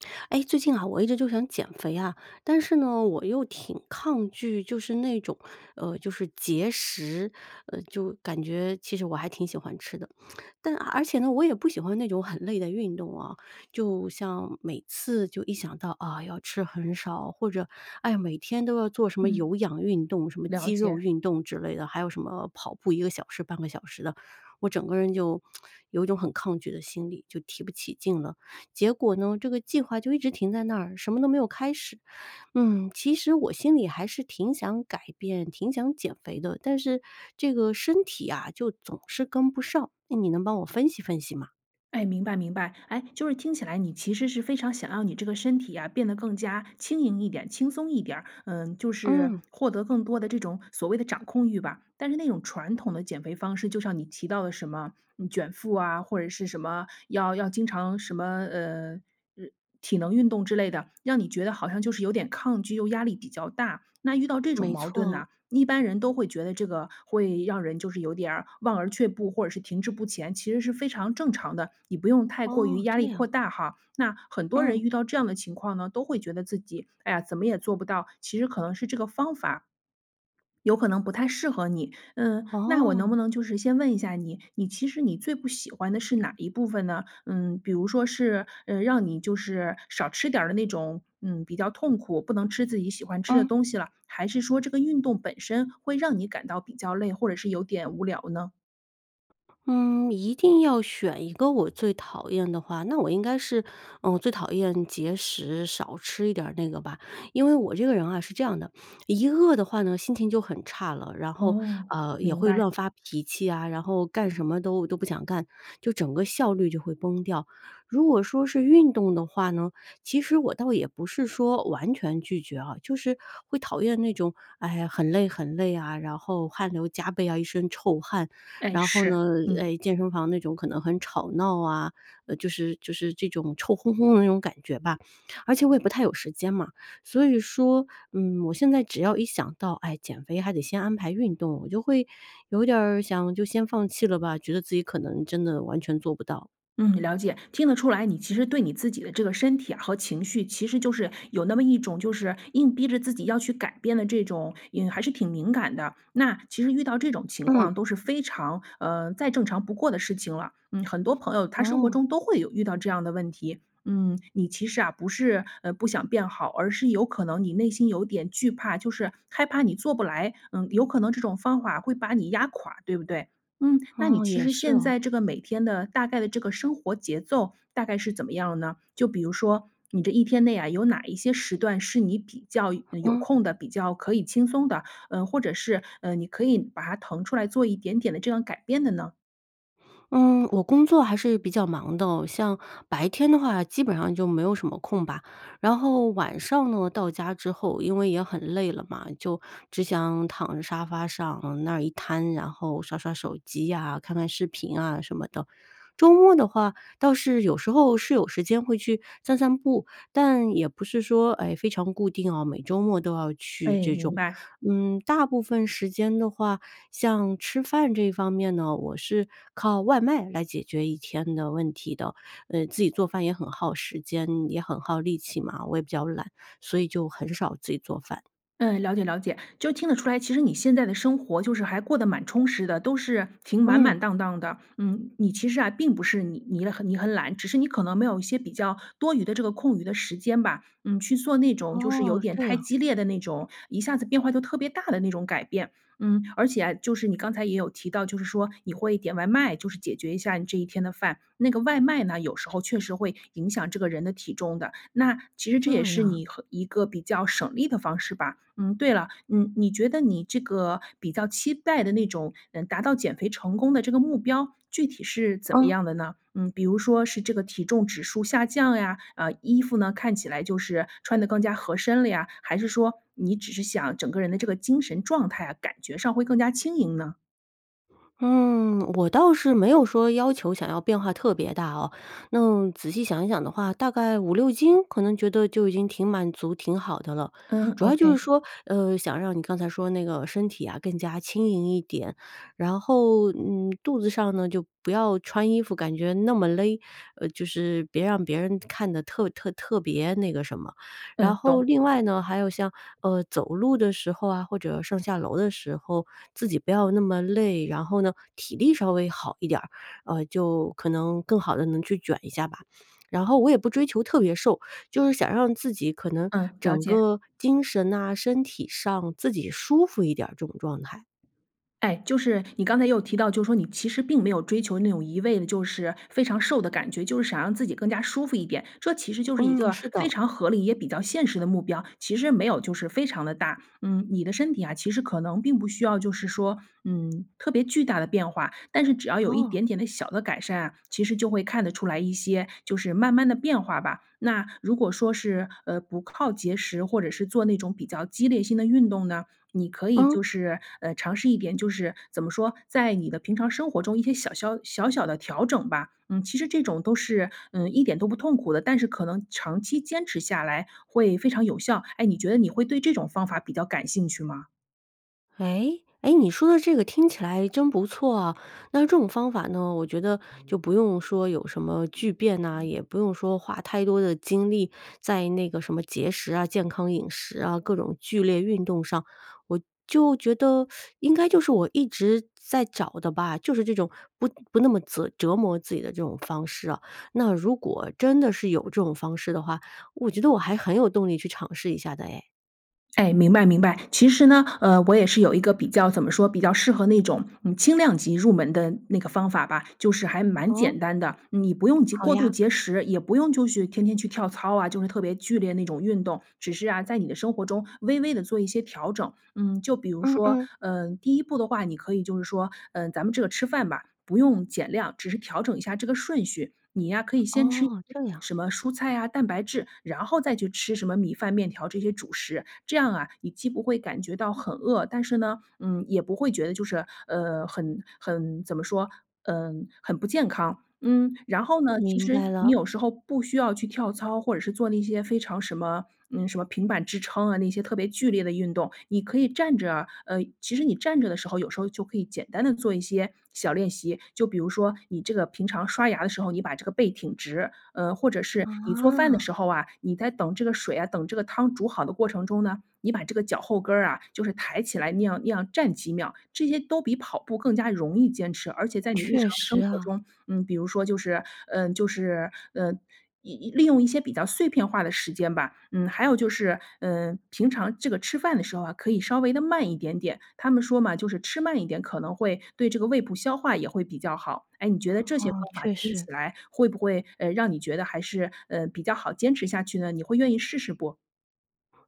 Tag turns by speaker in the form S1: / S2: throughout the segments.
S1: 哎，最近啊，我一直就想减肥啊，但是呢，我又挺抗拒就是那种呃，就是节食。呃，就感觉其实我还挺喜欢吃的。但而而且呢，我也不喜欢那种很累的运动哦，就像每次就一想到，“啊，要吃很少”，或者，“哎，每天都要做什么
S2: 嗯。
S1: 有氧运动，什么
S2: 了
S1: 肌肉
S2: 解。
S1: 运动之类的”，还有什么”跑步1个小时、0.5个小时的“，我整个人就 有一种很抗拒的心理，就提不起劲了。结果呢，这个计划就一直停在那儿，什么都没有开始，嗯，其实我心里还是挺想改变、挺想减肥的，但是这个身体啊，就总是跟不上，哎，你能帮我分析分析吗？
S2: 哎，明白明白。哎，就是听起来你其实是非常想让你这个身体啊，变得更加轻盈一点、轻松一点儿，嗯，就是
S1: 嗯。
S2: 获得更多的这种所谓的掌控欲吧。但是那种传统的减肥方式，就像你提到的什么，嗯，卷腹啊，或者是什么要要经常什么，呃呃，体能运动之类的，让你觉得好像就是有点抗拒又压力比较大。那遇到这种
S1: 没
S2: 矛盾
S1: 错。
S2: 呢，一般人都会觉得这个会让人就是有点儿望而却步，或者是停滞不前，其实是非常正常的，你不用太过于
S1: 哦，
S2: 压
S1: 这
S2: 力扩
S1: 样。
S2: 大哈。那很多人
S1: 嗯。
S2: 遇到这样的情况呢，都会觉得自己“哎呀，怎么也做不到”，其实可能是这个方法 有可能不太适合你。嗯，那我能
S1: 哦。
S2: 不能就是先问一下你，你其实你最不喜欢的是哪一部分呢？嗯，比如说是，呃，让你就是少吃点儿的那种，嗯，比较痛苦不能吃自己喜欢吃的
S1: 嗯。
S2: 东西了，还是说这个运动本身会让你感到比较累，或者是有点无聊呢？
S1: 嗯，一定要选一个我最讨厌的话，那我应该是，嗯，我最讨厌节食，少吃一点儿那个吧。因为我这个人啊，是这样的，一饿的话呢，心情就很差了，然后，
S2: 哦，
S1: 呃，也
S2: 明
S1: 会
S2: 白。
S1: 乱发脾气啊，然后干什么都都不想干，就整个效率就会崩掉。如果说是运动的话呢，其实我倒也不是说完全拒绝啊，就是会讨厌那种，哎，很累很累啊，然后汗流浃背啊，一身臭汗，
S2: 哎，
S1: 然后
S2: 是，
S1: 呢，
S2: 嗯。
S1: 哎，健身房那种可能很吵闹啊，呃，就是就是这种臭烘烘的那种感觉吧。而且我也不太有时间嘛。所以说，嗯，我现在只要一想到，哎，减肥还得先安排运动，我就会有点儿想就先放弃了吧，觉得自己可能真的完全做不到。
S2: 嗯，了解，听得出来，你其实对你自己的这个身体啊和情绪，其实就是有那么一种就是硬逼着自己要去改变的这种，嗯，还是挺敏感的。那其实遇到这种情况
S1: 嗯。
S2: 都是非常呃，再正常不过的事情了，嗯，很多朋友他生活
S1: 哦。
S2: 中都会有遇到这样的问题。嗯，你其实啊，不是呃，不想变好，而是有可能你内心有点惧怕，就是害怕你做不来，嗯，有可能这种方法会把你压垮，对不对？嗯，那你
S1: 哦，
S2: 其
S1: 也
S2: 实
S1: 是
S2: 现
S1: 哦。
S2: 在这个，每天的大概的这个生活节奏，大概是怎么样呢？就比如说你这一天内啊，有哪一些时段是你比较嗯，有
S1: 嗯。
S2: 空的？比较可以轻松的？嗯，或者是，嗯，你可以把它腾出来做一点点的这样改变的呢？
S1: 嗯，我工作还是比较忙的，像白天的话基本上就没有什么空吧，然后晚上呢，到家之后，因为也很累了嘛，就只想躺着沙发上那儿一瘫，然后刷刷手机呀、看看视频啊什么的。周末的话倒是有时候是有时间会去散散步，但也不是说，哎，非常固定哦，每周末都要去
S2: 哎，
S1: 这
S2: 明
S1: 种。
S2: 白。
S1: 嗯，大部分时间的话，像吃饭这方面呢，我是靠外卖来解决一天的问题的，嗯，自己做饭也很耗时间，也很耗力气嘛，我也比较懒，所以就很少自己做饭。
S2: 嗯，了解了解。就听得出来，其实你现在的生活，就是还过得蛮充实的，都是挺满
S1: 嗯。
S2: 满当当的。嗯，你其实啊，并不是你你了你很懒，只是你可能没有一些比较多余的这个空余的时间吧，嗯，去做那种就是有
S1: 哦，
S2: 点
S1: 这
S2: 太
S1: 样。
S2: 激烈的那种一下子变化就特别大的那种改变。嗯，而且就是你刚才也有提到，就是说你会点外卖，就是解决一下你这一天的饭，那个外卖呢，有时候确实会影响这个人的体重的，那，其实这也
S1: 这
S2: 是
S1: 样。
S2: 你和一个比较省力的方式吧。嗯，对了，你你觉得你这个比较期待的那种，嗯，达到减肥成功的这个目标，具体是怎么
S1: 嗯。
S2: 样的呢？嗯，比如说是这个体重指数下降呀，啊，衣服呢看起来就是穿得更加合身了呀，还是说你只是想整个人的这个精神状态啊，感觉上会更加轻盈呢？
S1: 嗯，我倒是没有说要求想要变化特别大哦，那仔细想一想的话，大概5-6斤，可能觉得就已经挺满足、挺好的了。
S2: 嗯
S1: 主要就是
S2: ，okay。
S1: 说，呃，想让你刚才说那个身体啊更加轻盈一点，然后，嗯，肚子上呢就不要穿衣服感觉那么勒，呃，就是别让别人看得特特特别那个什么。然
S2: 嗯，
S1: 后
S2: 懂。
S1: 另外呢，还有像呃，走路的时候啊，或者上下楼的时候，自己不要那么累，然后呢，体力稍微好一点儿，呃，就可能更好地能去卷一下吧。然后我也不追求特别瘦，就是想让自己可能
S2: 嗯，了
S1: 整
S2: 解。
S1: 个精神呐，身体上自己舒服一点儿这种状态。
S2: 哎，就是你刚才也有提到，就说你其实并没有追求那种一味的就是非常瘦的感觉，就是想让自己更加舒服一点，这其实就是一
S1: 嗯，
S2: 个
S1: 是
S2: 非
S1: 的。
S2: 常合理也比较现实的目标，其实没有就是非常地大。嗯，你的身体啊，其实可能并不需要就是说，嗯，特别巨大的变化，但是只要有一
S1: 哦。
S2: 点点的小的改善啊，其实就会看得出来一些，就是慢慢地变化吧。那，如果说是，呃，不靠节食或者是做那种比较激烈性的运动呢，你可以
S1: 嗯。
S2: 就是，呃，尝试一点就是怎么说？在你的平常生活中一些小肖小小的调整吧，嗯，其实这种都是，嗯，一点都不痛苦的，但是可能长期坚持下来会非常有效。哎，你觉得你会对这种方法比较感兴趣吗？
S1: 诶？诶，你说的这个听起来真不错啊。那这种方法呢，我觉得就不用说有什么巨变呐，也不用说花太多的精力在那个什么节食啊、健康饮食啊、各种剧烈运动上，我就觉得 应该就是我一直在找的吧，就是这种不不那么折折磨自己的这种方式啊，那如果真的是有这种方式的话，我觉得我还很有动力去尝试一下的哎。
S2: 哎，明白明白，其实呢，呃，我也是有一个比较怎么说，比较适合那种，嗯，轻量级入门的那个方法吧，就是还蛮
S1: 哦？
S2: 简单的。你不用节
S1: 好
S2: 过度
S1: 呀。
S2: 节食，也不用就去天天去跳操啊，就是特别剧烈那种运动，只是啊，在你的生活中微微地做一些调整。嗯，就比如
S1: 嗯
S2: 说，
S1: 嗯。
S2: 呃，第一步的话，你可以就是说，嗯，咱们这个吃饭吧，不用减量，只是调整一下这个顺序，你呀可以先吃一些
S1: 哦，这样。
S2: 什么蔬菜啊、蛋白质，然后再去吃什么米饭、面条，这些主食。这样啊，你既不会感觉到很饿，但是呢，嗯，也不会觉得就是，呃，很很怎么说？嗯，很不健康。嗯，然后呢，其
S1: 明
S2: 实
S1: 白
S2: 你
S1: 了。
S2: 有时候不需要去跳操，或者是做那些非常什么嗯，什么平板支撑啊，那些特别剧烈的运动，你可以站着呃，其实你站着的时候，有时候就可以简单地做一些小练习，就比如说你这个平常刷牙的时候，你把这个背挺直，呃，或者是你做饭的
S1: 啊。
S2: 时候啊，你在等这个水啊等这个汤煮好的过程中呢，你把这个脚后跟儿啊，就是抬起来那样那样站几秒，这些都比跑步更加容易坚持。而且在你日
S1: 确
S2: 常
S1: 实
S2: 生活
S1: 啊。
S2: 中，嗯，比如说就是，呃就是，呃，一一利用一些比较碎片化的时间吧。嗯，还有就是，嗯，平常这个吃饭的时候啊，可以稍微地慢一点点，他们说嘛，就是吃慢一点，可能会对这个胃部消化也会比较好。哎，你觉得这些
S1: 哦，
S2: 方法
S1: 确
S2: 听
S1: 实。
S2: 起来会不会，呃，让你觉得还是呃，比较好坚持下去呢？你会愿意试试不？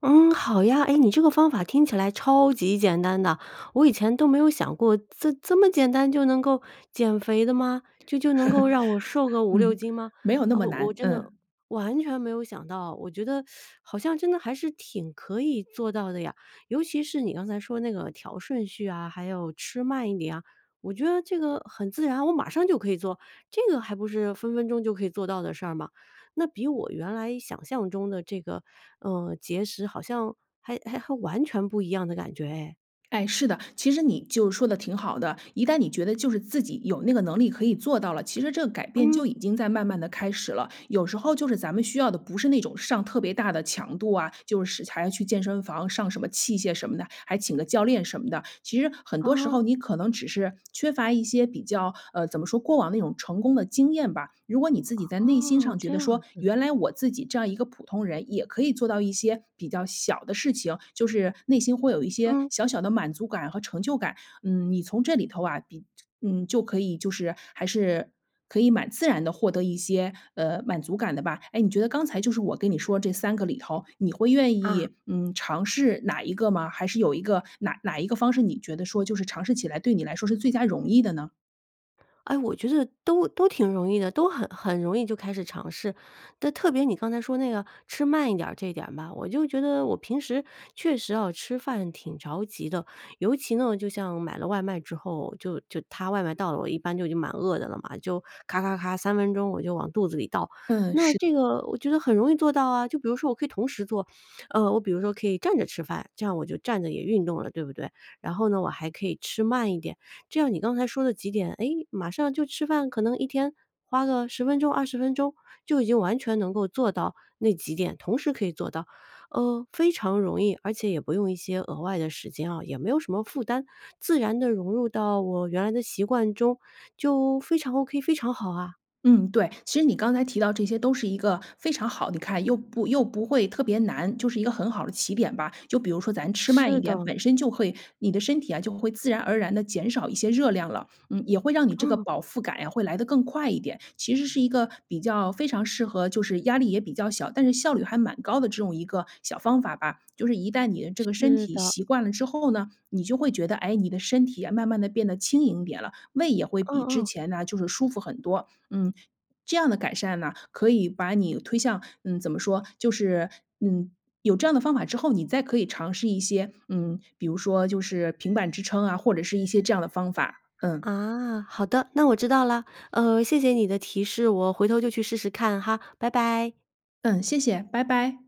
S1: 嗯，好呀，哎，你这个方法听起来超级简单的，我以前都没有想过，这这么简单就能够减肥的吗？就就能够让我瘦个 5-6
S2: 嗯，
S1: 斤吗？
S2: 没有那
S1: 啊，
S2: 么
S1: 我我
S2: 难，
S1: 真的
S2: 嗯。
S1: 完全没有想到，我觉得 好像真的还是挺可以做到的呀。尤其是你刚才说那个调顺序啊，还有吃慢一点啊，我觉得这个很自然，我马上就可以做，这个还不是分分钟就可以做到的事儿嘛！那比我原来想象中的这个，呃，节食好像还还还完全不一样的感觉哎。
S2: 哎，是的，其实你就说得挺好的，一旦你觉得就是自己有那个能力可以做到了，其实这个改变
S1: 嗯。
S2: 就已经在慢慢地开始了。有时候就是咱们需要的不是那种上特别大的强度啊，就是使财要去健身房上什么器械什么的，还请个教练什么的，其实很多时
S1: 啊。
S2: 候你可能只是缺乏一些比较呃，怎么说过往那种成功的经验吧。如果你自己在内心
S1: 哦，
S2: 上觉
S1: 这
S2: 得
S1: 样
S2: 说：
S1: 子。
S2: “原来我自己这样一个普通人，也可以做到一些比较小的事情，就是内心会有一些
S1: 嗯。
S2: 小小的满足感和成就感。”嗯，你从这里头啊，你嗯，就可以就是还是可以蛮自然地获得一些，呃，满足感的吧。哎，你觉得刚才就是我跟你说这3个里头，你会愿
S1: 啊。
S2: 意，嗯，尝试哪一个吗？还是有一个哪哪一个方式，你觉得说就是尝试起来，对你来说是最佳容易的呢？
S1: 哎，我觉得都都挺容易的，都很很容易就开始尝试，但特别你刚才说那个吃慢一点儿这点吧，我就觉得我平时，确实哦，吃饭挺着急的。尤其呢，就像买了外卖之后，就就它外卖到了，我一般就已经蛮饿的了嘛，就咔咔咔，3分钟我就往肚子里倒。
S2: 嗯，
S1: 那
S2: 是。
S1: 这个我觉得很容易做到啊，就比如说我可以同时做呃，我比如说可以站着吃饭，这样我就站着也运动了，对不对？然后呢，我还可以吃慢一点，这样你刚才说的几点，哎，马上就吃饭，可能一天花个10分钟、20分钟就已经完全能够做到那几点，同时可以做到。呃，非常容易，而且也不用一些额外的时间哦，也没有什么负担，自然地融入到我原来的习惯中，就非常 OK，非常好啊！
S2: 嗯，对。其实你刚才提到这些，都是一个非常好你看又不又不会特别难，就是一个很好的起点吧。就比如说咱吃慢
S1: 是
S2: 一点，
S1: 的。
S2: 本身就会你的身体啊，就会自然而然地减少一些热量了，嗯，也会让你这个
S1: 嗯。
S2: 饱腹感呀，会来得更快一点，其实是一个比较非常适合就是压力也比较小，但是效率还蛮高的这种一个小方法吧。就是一旦你的这个身
S1: 是
S2: 体
S1: 的。
S2: 习惯了之后呢，你就会觉得，诶，你的身体啊，慢慢地变得轻盈一点了，胃也会
S1: 嗯
S2: 比之
S1: 嗯。
S2: 前呢，就是舒服很多。嗯，这样的改善呢，可以把你推向嗯，怎么说？就是，嗯，有这样的方法之后，你再可以尝试一些，嗯，比如说就是平板支撑啊，或者是一些这样的方法，嗯。
S1: 啊，好的，那我知道了。呃，谢谢你的提示，我回头就去试试看哈，拜拜。
S2: 嗯，谢谢，拜拜。